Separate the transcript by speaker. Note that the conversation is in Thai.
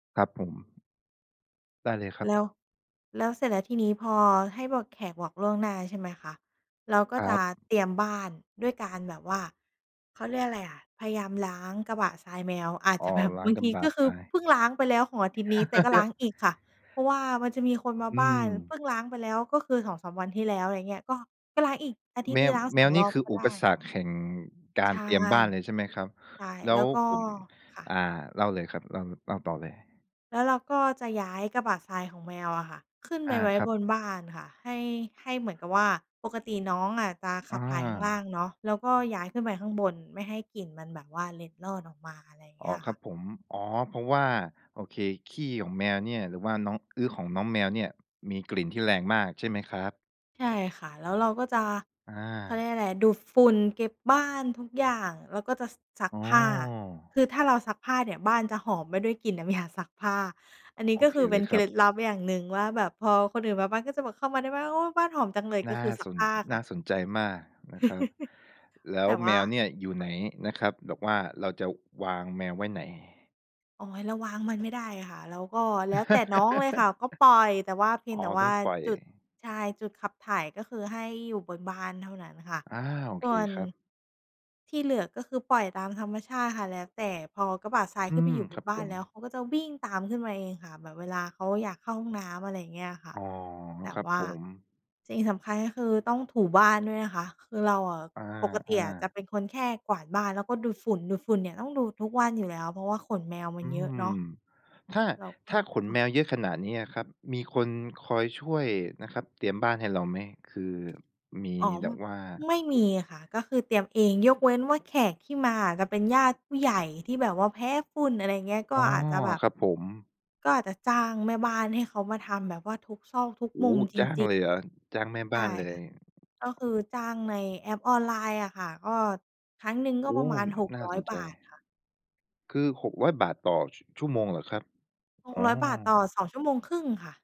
Speaker 1: ครับผม ได้เลยครับ
Speaker 2: แล้ว แล้วเสร็จแล้วทีนี้พอให้บอก แขกบอกล่วงหน้าใช่ไหมคะ เราก็
Speaker 1: คร
Speaker 2: จ
Speaker 1: ั
Speaker 2: ะ
Speaker 1: บ
Speaker 2: เตรียมบ้านด้วยการแบบว่า เขาเรียกอะไรอะ พยายามล้างกระบะทรายแมว อาจ
Speaker 1: อ๋
Speaker 2: จ
Speaker 1: อ
Speaker 2: ะแบบ
Speaker 1: ล้า
Speaker 2: บ
Speaker 1: ง
Speaker 2: าง
Speaker 1: กร
Speaker 2: ท
Speaker 1: ะ
Speaker 2: ี
Speaker 1: บะ
Speaker 2: ก็ค
Speaker 1: ท
Speaker 2: ือ
Speaker 1: ราย
Speaker 2: เพิ่งล้างไปแล้วของอาทิตย์นี้แต่ก็ล้างอีกค่ะ เพราะว่ามันจะมีคนมา
Speaker 1: อื
Speaker 2: บ้าน เพ
Speaker 1: ม
Speaker 2: ิ่งล้างไปแล้วก็คือ 2-3 วันที่แล้ว อะไรอย่างเงี้ย ก็ ก็ล้างอีกอาทิต
Speaker 1: แ
Speaker 2: ย
Speaker 1: ม
Speaker 2: ์นี้
Speaker 1: ว
Speaker 2: ล้าง
Speaker 1: แ
Speaker 2: ส
Speaker 1: ม
Speaker 2: อง
Speaker 1: วน
Speaker 2: ร
Speaker 1: ี่
Speaker 2: อบ
Speaker 1: คือ
Speaker 2: ก็
Speaker 1: อุ
Speaker 2: ได้
Speaker 1: ปสรรคแห่งก
Speaker 2: ใ
Speaker 1: า
Speaker 2: ช
Speaker 1: ร
Speaker 2: ่
Speaker 1: เตรียมบ้านเลยใช่ไหมครับ
Speaker 2: ใช่
Speaker 1: แล
Speaker 2: แ
Speaker 1: ้
Speaker 2: ล้
Speaker 1: ว
Speaker 2: วก็
Speaker 1: ผม
Speaker 2: ค่
Speaker 1: อ่า
Speaker 2: ะ
Speaker 1: เล่าเลยครับ เล่า เล่าต่อเลย
Speaker 2: แล้วเราก็จะย้ายกระบะทรายของแมวอะค่ะ ขึ้นไ
Speaker 1: อ
Speaker 2: ป
Speaker 1: า
Speaker 2: ไว้
Speaker 1: ครั
Speaker 2: บ
Speaker 1: บ
Speaker 2: นบ้านค่ะ ให้ ให้เหมือนกับว่าปกติน้องอาจจะข
Speaker 1: อ
Speaker 2: ับถ่ายข้างล่าง
Speaker 1: า
Speaker 2: เนาะ แล้วก็ย้ายขึ้นไปข้างบนไม่ให้กลิ่นมันแบบว่าเล็ดลอดออกมา อะไรอย่างเ
Speaker 1: อ
Speaker 2: ง
Speaker 1: ๋
Speaker 2: ี้
Speaker 1: อ
Speaker 2: ย
Speaker 1: ค
Speaker 2: ค
Speaker 1: ร
Speaker 2: ่
Speaker 1: ั
Speaker 2: ะ
Speaker 1: บผม อ๋อ เพราะว่า โอเค ขี้ของแมวเนี่ย หรือว่าน้องอึของน้องแมวเนี่ยมีกลิ่นที่แรงมากใช่ไหมครับ?
Speaker 2: ใช่ค่ะ แล้วเราก็จะ
Speaker 1: อ
Speaker 2: เขาเรี
Speaker 1: า
Speaker 2: ยกอะไร ดูดฝุ่น เก็บบ้าน ทุกอย่าง แล้วก็จะซัก
Speaker 1: อ๋
Speaker 2: ผ้า
Speaker 1: อ
Speaker 2: คือถ้าเราซักผ้าเนี่ยบ้านจะหอมไปด้วยกลิ่นน้ำ ยา ซักผ้า อันนี้
Speaker 1: โอ
Speaker 2: ก็
Speaker 1: เค
Speaker 2: คือเ
Speaker 1: เ
Speaker 2: ป
Speaker 1: ล
Speaker 2: ็น
Speaker 1: ย
Speaker 2: เค
Speaker 1: ครั
Speaker 2: ล
Speaker 1: บ
Speaker 2: ็ดลับอย่างหนึ่งว่าแบบพอคนอื่นมาบ้าน ก็จะแบบเข้ามาในบ้าน โอ้ บ้านหอมจังเลย ก
Speaker 1: น
Speaker 2: ็
Speaker 1: ่า
Speaker 2: คือซั
Speaker 1: ส
Speaker 2: ก
Speaker 1: น
Speaker 2: ผ้าค
Speaker 1: น
Speaker 2: ่
Speaker 1: ่
Speaker 2: ะ
Speaker 1: าสนใจมากนะครับ แล้
Speaker 2: แ
Speaker 1: ว
Speaker 2: ต่ว
Speaker 1: แม
Speaker 2: ่า
Speaker 1: วเนี่ยอยู่ไหนนะครับ แบบว่าเราจะวางแมวไว้ไหน?
Speaker 2: อ๋อ เราวางมันไม่ได้ค่ะ แล้วก็ แล้วแต่น้องเลยค่ะ ก็ปล่อย แต่เพีย
Speaker 1: อ
Speaker 2: ง
Speaker 1: ๋
Speaker 2: แต
Speaker 1: อ
Speaker 2: ่ว
Speaker 1: ต
Speaker 2: ่
Speaker 1: ้
Speaker 2: า
Speaker 1: องปล่อย
Speaker 2: จุด ใช่ จุดขับถ่ายก็คือให้อยู่บนบ้านเท่านั้นค่ะ
Speaker 1: อา โอ
Speaker 2: ส
Speaker 1: เค
Speaker 2: ่วน
Speaker 1: ครับ
Speaker 2: ที่เหลือ ก็คือ ปล่อยตามธรรมชาติค่ะ แล้วแต่ พอกระบะทราย
Speaker 1: อื
Speaker 2: ขึ้นไป
Speaker 1: ม
Speaker 2: อยู่บ
Speaker 1: คร
Speaker 2: น
Speaker 1: ับ
Speaker 2: บ้
Speaker 1: ผ
Speaker 2: าน
Speaker 1: ม
Speaker 2: แล้วเขาก็จะวิ่งตามขึ้นมาเองค่ะ แบบเวลาเขาอยากเข้าห้องน้ำ อะไรอย่างเงี้ยอะค่
Speaker 1: อ
Speaker 2: ะ
Speaker 1: ๋อ
Speaker 2: แต่
Speaker 1: ครับ
Speaker 2: ว่า
Speaker 1: ผม
Speaker 2: สิ่งสำคัญก็คือ ต้องถูบ้านด้วยนะคะ คือเราอะ
Speaker 1: อ
Speaker 2: ปกติ
Speaker 1: า
Speaker 2: อะจะ
Speaker 1: ๆ
Speaker 2: เป็นคนแค่กวาดบ้านแล้วก็ดูดฝุ่น ดูดฝุ่นเนี่ยต้องดูดทุกวันอยู่แล้ว เพราะว่าขนแมวมั
Speaker 1: อื
Speaker 2: นเยอะ
Speaker 1: ม
Speaker 2: เนาะ
Speaker 1: ถ้า
Speaker 2: เราก็
Speaker 1: ถ้าขนแม
Speaker 2: ค่ะ
Speaker 1: วเยอะขนาดนี้อะครับ มีคนคอยช่วยนะครับเตรียมบ้านให้เราไหม? คือมี
Speaker 2: อ๋อ
Speaker 1: แ
Speaker 2: ม
Speaker 1: บบว่า
Speaker 2: ไม่
Speaker 1: ค
Speaker 2: มี
Speaker 1: น
Speaker 2: ค่ะ ก็คือเตรียมเอง ยกเว้นว่า แขกที่มาอะจะเป็นญาติผู้ใหญ่ที่แบบว่าแพ้ฝุ่น อะไรเงี้ย ก็
Speaker 1: อ๋อ
Speaker 2: อาจจะแบบ
Speaker 1: ครับผม
Speaker 2: ก็อาจจะจ้างแม่บ้านให้เขามาทำแบบว่า
Speaker 1: โอ้โฮ จ้
Speaker 2: ทุกซอก
Speaker 1: าง
Speaker 2: ทุกมุมจริง ๆ
Speaker 1: เลยเหรอ? จ้างแม่
Speaker 2: ใช
Speaker 1: บ้
Speaker 2: ่
Speaker 1: านเล
Speaker 2: ค่
Speaker 1: ย
Speaker 2: ะ ก็คือจ้างในแอปออนไลน์อะค่ะ ก็ ครั้งหนึ่งก
Speaker 1: โ
Speaker 2: ็
Speaker 1: อ
Speaker 2: ป
Speaker 1: ้
Speaker 2: ระมาณ หก
Speaker 1: น่า
Speaker 2: ร้อย
Speaker 1: สน
Speaker 2: บ
Speaker 1: ใจ
Speaker 2: าทค่ะ
Speaker 1: คือ 600 บาทต่อชั่วโมงเหรอครับ?
Speaker 2: ห
Speaker 1: อ
Speaker 2: ก
Speaker 1: ๋อ
Speaker 2: ร้อย บาทต่อ 2 ชั่วโมงครึ่งค่ะ